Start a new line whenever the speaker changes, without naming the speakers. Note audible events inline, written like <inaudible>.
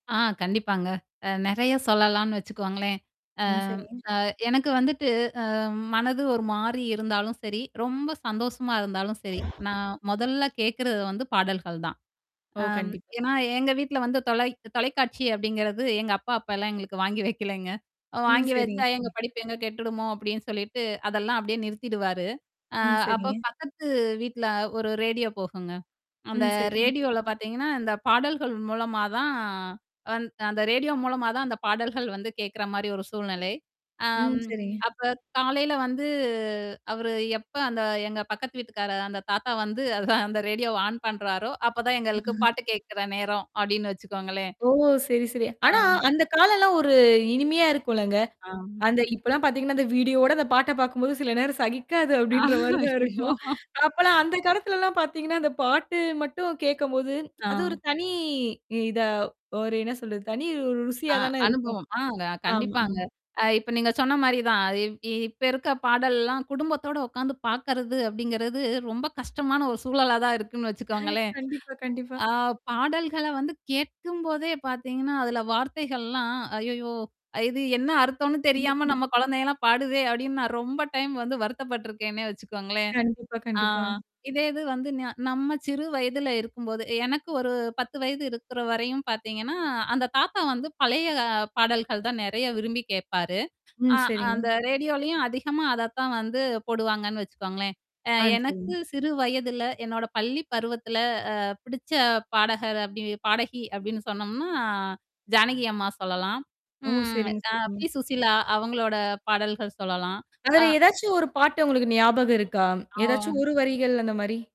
ஆ, கண்டிப்பாங்க. அ நெறைய சொல்லலாம்னு வச்சுக்கோங்களேன். அ,
ம். சரி.
அ. எனக்கு வந்துட்டு அ. மனது ஒரு மாரி இருந்தாலும் சரி, ரொம்ப சந்தோஷமா இருந்தாலும் சரி. நான் மொதல்ல கேட்கறது வந்து பாடல்கள் தான்.
ஓ!
அம்
கண்டிப்பா.
ஏன்னா, எங்க வீட்ல வந்து தொலை தொலைக்காட்சி அப்படிங்கிறது எங்க அப்பா அப்பலாம் எங்களுக்கு வாங்கி வைக்கலங்க.
ம்.
வாங்கி
சரிங்க,
வச்சா எங்க
சரிங்க.
படிப்பு எங்க கெட்டுடுமோ அப்டின்னு சொல்லிட்டு அதெல்லாம் அப்டியே நிறுத்திடுவாரு. ஆ
ம்.
அப்ப
சரிங்க.
பக்கத்து வீட்ல ஒரு ரேடியோ போகுங்க. அந்த
ம். சரிங்க.
ரேடியோல பாத்தீங்கன்னா, இந்த பாடல்கள் மூலமா தான் வந் அந்த ரேடியோ மூலமா தான் அந்த பாடல்கள் வந்து கேட்கற மாரி ஒரு சூழ்நிலை.
ம்.
ஆம்,
சரிங்க.
அப்ப காலையில வந்து அவரு எப்ப அந்த எங்க பக்கத்து வீட்டுக்கார அந்த தாத்தா வந்து அத அந்த ரேடியோவ ஆன் பண்றாரோ, அப்பதான் எங்களுக்கு
ம்.
பாட்டு கேக்கற நேரம் அப்டின்னு வச்சுக்கோங்களேன்.
ஓ! சரி, சரி.
ஆ
ஆனா அந்த காலம்ல்லாம் ஒரு இனிமையா இருக்கும்லங்க.
ஆம்.
அந்த இப்பலாம் பாத்தீங்கன்னா, அந்த வீடியோவோட அந்த பாட்ட பாக்கும்போது சில நேரம் சகிக்காது
ஆ.
அப்டின்ற மாரி தான்
அய்யய்யோ!
இருக்கும். அப்பலாம் அந்த காலத்துலலாம் பாத்தீங்கன்னா, அந்த பாட்டு மட்டும் கேட்கபோது, அது ஒரு
ஆ.
தனி இதா ஒரு என்ன சொல்றது? தனி ஒரு
அ,
ருசியா தானே இருக்கும்.
அனுபவம். ஆங்க,
ஆமா, ஆ.
கண்டிப்பாங்க. அ இப்ப நீங்க சொன்ன மாரி தான். இப் இப்ப இருக்க பாடல்லாம் குடும்பத்தோட உட்காந்து பாக்கறது அப்படிங்கிறது, ரொம்ப கஷ்டமான ஒரு சூழலா தான் இருக்குன்னு வச்சுக்கோங்களேன்.
கண்டிப்பா, கண்டிப்பா.
ஆ, பாடல்கள வந்து கேட்கும்போதே பாத்தீங்கன்னா, அதுல வார்த்தைகள்லாம், "ஐய்யய்யோ! இது என்ன அர்த்தம்னு தெரியாம
<laughs>
நம்ம குழந்தையெல்லாம் பாடுதே!" அப்படின்னு நான் ரொம்ப டைம் வந்து வருத்தப்பட்டுருக்கேன்னே வச்சுக்கோங்களேன்.
கண்டிப்பா,
ஆ
கண்டிப்பா.
இதே இது வந்து, ந நம்ம சிறு வயதல இருக்கும்போது எனக்கு ஒரு 10 வயது இருக்குற வரையும் பாத்தீங்கன்னா, அந்த தாத்தா வந்து பழைய பாடல்கள் தான் நெறைய விரும்பி கேப்பாரு.
ம்.
அ
சரிங்க.
அந்த ரேடியோலயும் அதிகமா அதத்தான் வந்து போடுவாங்கன்னு வச்சுக்கோங்களேன். அ
ஆ, சரிங்க.
எனக்கு சிறு வயதுல, என்னோட பள்ளி பருவத்தில, அ, பிடிச்ச பாடகர் அப்படின் பாடகி அப்படின்னு சொன்னோம்னா, ஜானகி அம்மா சொல்லலாம்.
ஓ!
ம்.
சரிங்க,
அ,
சரிங்க.
பி. சுசீலா அவங்களோட பாடல்கள் சொல்லலாம். ஆ.
அதுல ஏதாச்சும் ஒரு பாட்டு உங்களுக்கு ஞாபகம் இருக்கா? ஏதாச்சும்
ஆ.
ஒரு வரிகள் அந்த மாரி?